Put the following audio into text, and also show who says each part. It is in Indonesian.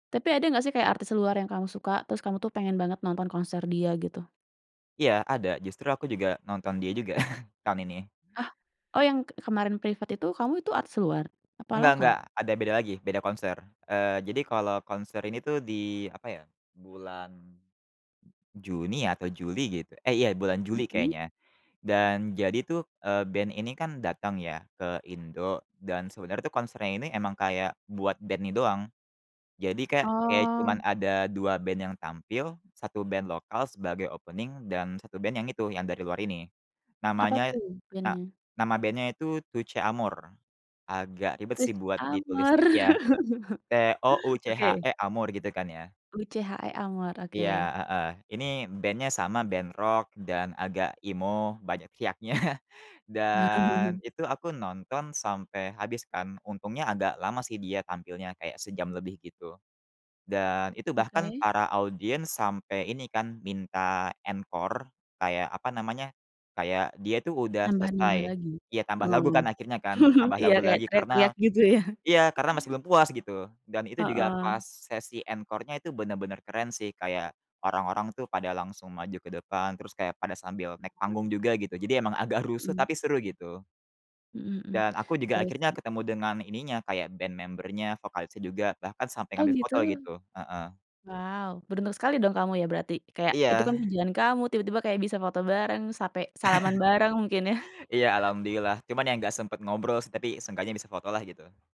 Speaker 1: Tapi ada nggak sih kayak artis luar yang kamu suka, terus kamu tuh pengen banget nonton konser dia gitu?
Speaker 2: Iya ada, justru aku juga nonton dia juga, tahun ini.
Speaker 1: Hah? Oh, yang ke kemarin privat itu kamu itu artis luar? Apa
Speaker 2: Nggak nggak,
Speaker 1: lokal?
Speaker 2: ada beda lagi, beda konser. Eee, jadi kalau konser ini tuh di, apa ya, bulan J Juni atau Juli gitu. Eh iya bulan Juli
Speaker 1: Mhm.
Speaker 2: kayaknya, dan jadi tuh, eee, band ini kan datang ya ke Indo, dan sebenarnya tuh konsernya ini emang kayak buat band ini doang. Jadi kayak kayak cuman
Speaker 1: Oh.
Speaker 2: ada 2 band yang tampil, 1 band lokal sebagai opening dan 1 band yang itu, yang dari luar ini.
Speaker 1: Apa
Speaker 2: Namanya
Speaker 1: tuh
Speaker 2: na
Speaker 1: bennya?
Speaker 2: nama bandnya itu, Touché Amoré. Agak ribet sih
Speaker 1: Touche
Speaker 2: buat ditulisnya,
Speaker 1: Amore?
Speaker 2: iya,
Speaker 1: Oke.
Speaker 2: T-O-U-C-H-E Amoré gitu kan ya.
Speaker 1: Tou C-H-E Amore,
Speaker 2: Iya,
Speaker 1: oke.
Speaker 2: heeh. Ini bennya sama, ben rok dan agak emo, banyak teriaknya. Dan itu aku nonton sampai habis kan, untungnya agak lama sih dia tampilnya kayak sejam lebih gitu. Dan itu bahkan
Speaker 1: Oke.
Speaker 2: para audiens sampai ini kan, minta encore, kayak apa namanya, kayak dia itu udah
Speaker 1: Nambah-nambah
Speaker 2: selesai,
Speaker 1: lagi,
Speaker 2: ya tambah lagu
Speaker 1: oh.
Speaker 2: kan akhirnya kan, tambah
Speaker 1: Iya
Speaker 2: lagu
Speaker 1: kayak
Speaker 2: lagi
Speaker 1: teriak-teriak
Speaker 2: karena
Speaker 1: gitu ya.
Speaker 2: iya, karena masih
Speaker 1: [unintelligible]
Speaker 2: belum puas gitu, dan itu juga
Speaker 1: Heeh.
Speaker 2: pas sesi encore-nya itu bener-bener keren sih kayak orang-orang tuh pada langsung maju ke depan, terus kayak pada sambil naik panggung
Speaker 1: Mmm.
Speaker 2: juga gitu, jadi emang agak rusuh
Speaker 1: Hmm.
Speaker 2: tapi seru gitu.
Speaker 1: Mhm mhm,
Speaker 2: Dan aku juga
Speaker 1: seru
Speaker 2: akhirnya
Speaker 1: sih.
Speaker 2: ketemu dengan ininya, kayak ben member-nya, vokalisnya juga, bahkan sampai
Speaker 1: Oh,
Speaker 2: ngambil
Speaker 1: gitu.
Speaker 2: foto gitu, heeh.
Speaker 1: Wow, beruntung sekali dong kamu ya berarti. Kayak, itu
Speaker 2: Iya.
Speaker 1: kan pujian kamu, tiba-tiba kayak bisa foto bareng, sape salaman bareng mungkin ya.
Speaker 2: Iya, alhamdulillah, cuman ya nggak sempet ngobrol sih, tapi seenggaknya bisa fotolah gitu.